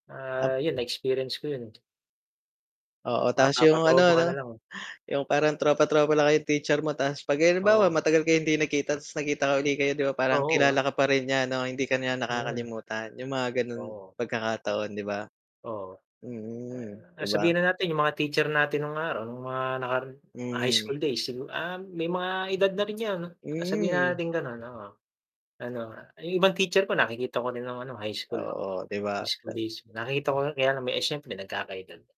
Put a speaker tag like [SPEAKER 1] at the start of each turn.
[SPEAKER 1] Ap
[SPEAKER 2] Ah, yun na-experience ko yun eh.
[SPEAKER 1] Oo, tapos yung ano
[SPEAKER 2] Mapapa-throwback ka
[SPEAKER 1] 'no,
[SPEAKER 2] nalang eh.
[SPEAKER 1] yung parang tropa-tropa lang kay teacher mo ta's 'pag halimbawa
[SPEAKER 2] Oo.
[SPEAKER 1] matagal kayo hindi nagkita ta's nagkita uli kayo di ba parang
[SPEAKER 2] Oo,
[SPEAKER 1] kilala
[SPEAKER 2] ah.
[SPEAKER 1] ka pa rin niya 'no? Hindi ka niya
[SPEAKER 2] Mm.
[SPEAKER 1] nakakalimutan, yung mga ganun
[SPEAKER 2] Oo.
[SPEAKER 1] pagkakataon di ba?
[SPEAKER 2] Oo.
[SPEAKER 1] Mm,
[SPEAKER 2] A
[SPEAKER 1] di
[SPEAKER 2] ah,
[SPEAKER 1] ba?
[SPEAKER 2] sabihin na natin yung mga teacher natin nung araw nung mga nakaraan, ah, high
[SPEAKER 1] Hmm.
[SPEAKER 2] school days sigu ah, may mga edad na rin 'yan. Sabihin na
[SPEAKER 1] Mm.
[SPEAKER 2] natin ganun, oo. Ano, yung ibang teacher ko nakikita ko rin ng ano, high school.
[SPEAKER 1] Oo, di ba?
[SPEAKER 2] High school
[SPEAKER 1] Ta
[SPEAKER 2] days, nakikita ko kaya lang, eh, siyempre nagkaka-edad.